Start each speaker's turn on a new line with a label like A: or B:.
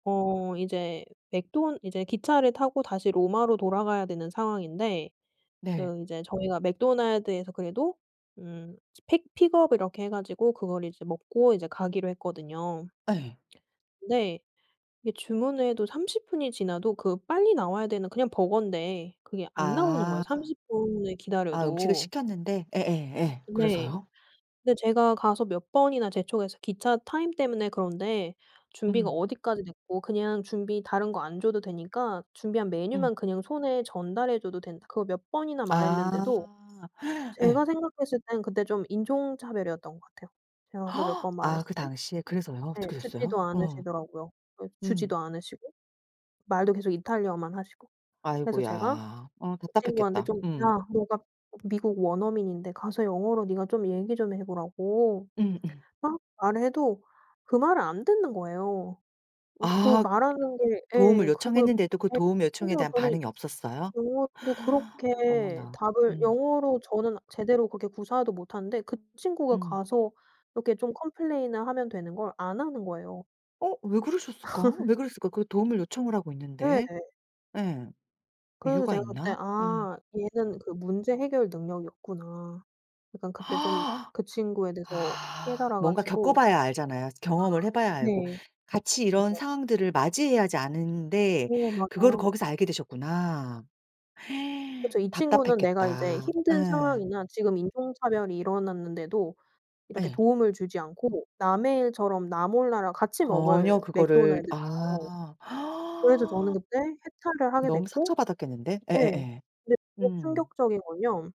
A: 어 이제 맥도 이제 기차를 타고 다시 로마로 돌아가야 되는 상황인데
B: 네.
A: 그 이제 저희가 맥도날드에서 그래도 음 픽 픽업 이렇게 해 가지고 그걸 이제 먹고 이제 가기로 했거든요.
B: 예.
A: 근데 이게 주문을 해도 30 분이 지나도 그 빨리 나와야 되는 그냥 버거인데 그게 안 나오는 거예요,
B: 아.
A: 30 분을
B: 아 음식을
A: 기다려도.
B: 시켰는데 예예예.
A: 네.
B: 그래서요?
A: 근데 제가 가서 몇 번이나 재촉해서 기차 타임 때문에 그런데 준비가
B: 음.
A: 어디까지 됐고 그냥 준비 다른 거 안 줘도 되니까 준비한
B: 음.
A: 메뉴만 그냥 손에 전달해 줘도 된다. 그거 몇 번이나 말했는데도
B: 아.
A: 제가
B: 예.
A: 생각했을 때는 그때 좀 인종 차별이었던 것 같아요, 제가 가서 몇 번
B: 아
A: 말했을
B: 그
A: 때.
B: 당시에 그래서요?
A: 네.
B: 어떻게
A: 듣지도
B: 됐어요? 어.
A: 않으시더라고요.
B: 음.
A: 주지도 않으시고 말도 계속 이탈리아어만 하시고. 그래서 제가
B: 아이고야. 어
A: 그 친구한테
B: 답답했겠다.
A: 좀
B: 음.
A: 야 너가 미국 원어민인데 가서 영어로 네가 좀 얘기 좀 해 보라고
B: 음음.
A: 막 말을 해도 그 말을 안 듣는 거예요. 어 그
B: 아.
A: 말 하는 게
B: 도움을
A: 예 그거
B: 요청했는데도 그
A: 뭐
B: 도움 요청에
A: 심지어
B: 대한
A: 저는
B: 반응이 없었어요?
A: 영어도 그렇게
B: 어머나.
A: 답을
B: 음.
A: 영어로 저는 제대로 그렇게 구사도 못 하는데 그 친구가
B: 음.
A: 가서 이렇게 좀 컴플레인을 하면 되는 걸 안 하는 거예요.
B: 어 왜 그러셨을까? 왜 그랬을까? 그 도움을 요청을 하고 있는데.
A: 네네.
B: 예.
A: 그래서
B: 이유가
A: 제가 그때
B: 있나? 예.
A: '아 얘는 그 문제 해결 능력이 없구나.' 약간 그때 좀 그 친구에 대해서
B: 아.
A: 깨달아
B: 뭔가
A: 가지고
B: 겪어봐야 알잖아요, 경험을 해 봐야 알고.
A: 네.
B: 같이 이런
A: 맞아요.
B: 상황들을 맞이해야지 아는데
A: 네.
B: 그거를
A: 맞아요.
B: 거기서 알게 되셨구나.
A: 그쵸. 이 친구는 내가 이제
B: 답답했겠다.
A: 힘든
B: 예.
A: 상황이나 지금 인종 차별이 일어났는데도 이렇게
B: 예.
A: 도움을 주지 않고 남의 일처럼 나 몰라라 같이
B: 전혀
A: 먹을
B: 그거를
A: 맥도날드잖아요.
B: 아.
A: 그래서 저는 그때 해탈을 하게
B: 너무
A: 됐고
B: 상처받았겠는데?
A: 예.
B: 예예예.
A: 근데 더
B: 음.
A: 충격적인 건요.